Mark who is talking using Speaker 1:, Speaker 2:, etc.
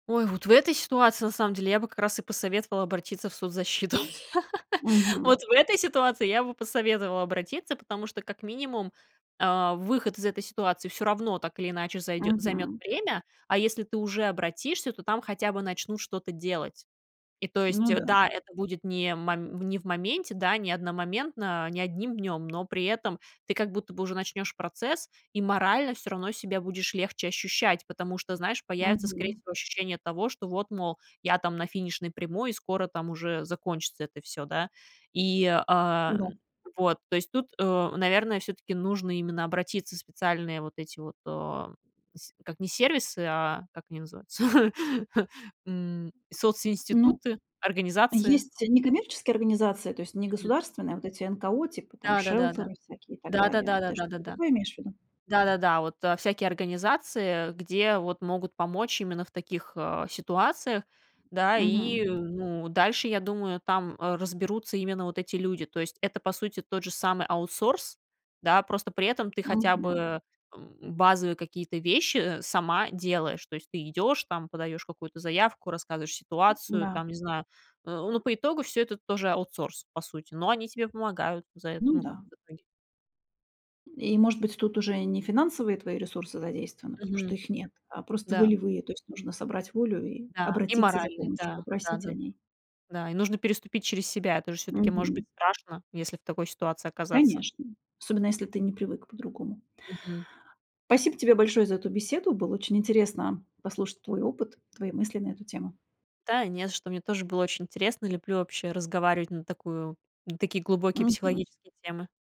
Speaker 1: Ой, вот в этой ситуации, на самом деле, я бы как раз и посоветовала обратиться в соцзащиту. Вот
Speaker 2: Мгм.
Speaker 1: в этой ситуации, я бы посоветовала обратиться, потому что, как минимум, а, выход из этой ситуации всё равно так или иначе зайдё займёт
Speaker 2: Мгм.
Speaker 1: время. А если ты уже обратишься, то там хотя бы начнут что-то делать. И, то
Speaker 2: Ну
Speaker 1: есть,
Speaker 2: да.
Speaker 1: да, это будет не мом не в моменте, да, не одномоментно, не 1 днём, но при этом ты как будто бы уже начнёшь процесс, и морально всё равно себя будешь легче ощущать. Потому что, знаешь, появится скорее
Speaker 2: Мгм.
Speaker 1: всего, ощущение того, что вот, мол, я там на финишной прямой, и скоро там уже закончится это всё, да. И, а,
Speaker 2: Да.
Speaker 1: вот, то есть, тут, э, наверное, всё-таки нужно именно обратиться в специальные вот эти вот, э, се как не сервисы, а как они называются, м,
Speaker 2: Ну,
Speaker 1: социнституты, организации.
Speaker 2: есть некоммерческие организации, то есть
Speaker 1: Мгм.
Speaker 2: негосударственные, а вот эти НКО, типа там
Speaker 1: Да да да да.
Speaker 2: шелтеры всякие и так
Speaker 1: Да да
Speaker 2: далее.
Speaker 1: да да
Speaker 2: Ты
Speaker 1: да да
Speaker 2: что-то
Speaker 1: да.
Speaker 2: такое имеешь в виду?
Speaker 1: Да-да-да. Вот, а, всякие организации, где вот могут помочь именно в таких, а, ситуациях, да. И, э,
Speaker 2: Мгм.
Speaker 1: ну, дальше, я думаю, там разберутся именно вот эти люди. То есть, это, по сути, тот же самый аутсорс, да, просто при этом ты хотя
Speaker 2: Мгм.
Speaker 1: бы, м, базовые какие-то вещи сама делаешь. То есть, ты идёшь там, подаёшь какую-то заявку, рассказываешь ситуацию
Speaker 2: Да.
Speaker 1: там, не знаю, э. Ну, по итогу, всё это тоже аутсорс, по сути, но они тебе помогают за это.
Speaker 2: Ну
Speaker 1: Ну, как бы
Speaker 2: да.
Speaker 1: в итоге.
Speaker 2: И, может быть, тут уже и не финансовые твои ресурсы задействованы, потому что
Speaker 1: Мгм.
Speaker 2: их нет, а просто
Speaker 1: Да.
Speaker 2: волевые. То есть нужно собрать волю и
Speaker 1: Да, и
Speaker 2: обратиться за
Speaker 1: моральный.
Speaker 2: помощью,
Speaker 1: Да.
Speaker 2: попросить о
Speaker 1: Да-да
Speaker 2: ней.
Speaker 1: Да. И нужно переступить через себя, это же всё-таки может быть
Speaker 2: Мгм.
Speaker 1: страшно, если в такой ситуации оказаться.
Speaker 2: Конечно, особенно если ты не привык по-другому.
Speaker 1: Мгм.
Speaker 2: Спасибо тебе большое за эту беседу. Было очень интересно послушать твой опыт, твои мысли на эту тему.
Speaker 1: Та, не за что мне тоже было очень интересно. Люблю вообще разговаривать на такую, на такие глубокие
Speaker 2: Мгм.
Speaker 1: психологические темы.